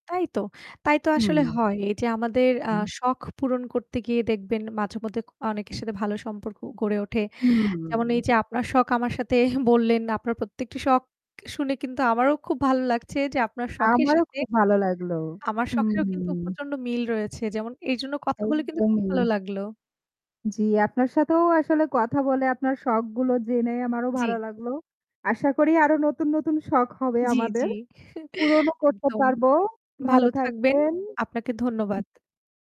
তাই তো তাই তো আসলে হুম। হয়। এই যে আমাদের আ হুম। শখ পূরণ করতে গিয়ে দেখবেন মাঝেমধ্যে অ অনেকের সাথে ভালো সম্পর্ক গড়ে ওঠে। যেমন এই হুম। যে আপনার শখ আমার সাথে বললেন, আপনার প্রত্যেকটি শখ শুনে কিন্তু আমারও খুব ভালো লাগছে যে আপনার শখের আমারও সাথে খুব ভালো লাগলো। আমার শখেও কিন্তু হুম। প্রচন্ড মিল রয়েছে। যেমন এই জন্য কথা বলে কিন্তু খুব ভালো একদমই। লাগলো। জ্বী, আপনার সাথেও আসলে কথা বলে আপনার শখগুলো জেনে আমারও জ্বি। ভালো লাগলো। আশা করি আরো নতুন, নতুন শখ হবে জ্বি, আমাদের। জ্বি। পুরণও করতে একদম। পারবো। ভালো ভালো থাকবেন। থাকবেন। আপনাকে ধন্যবাদ।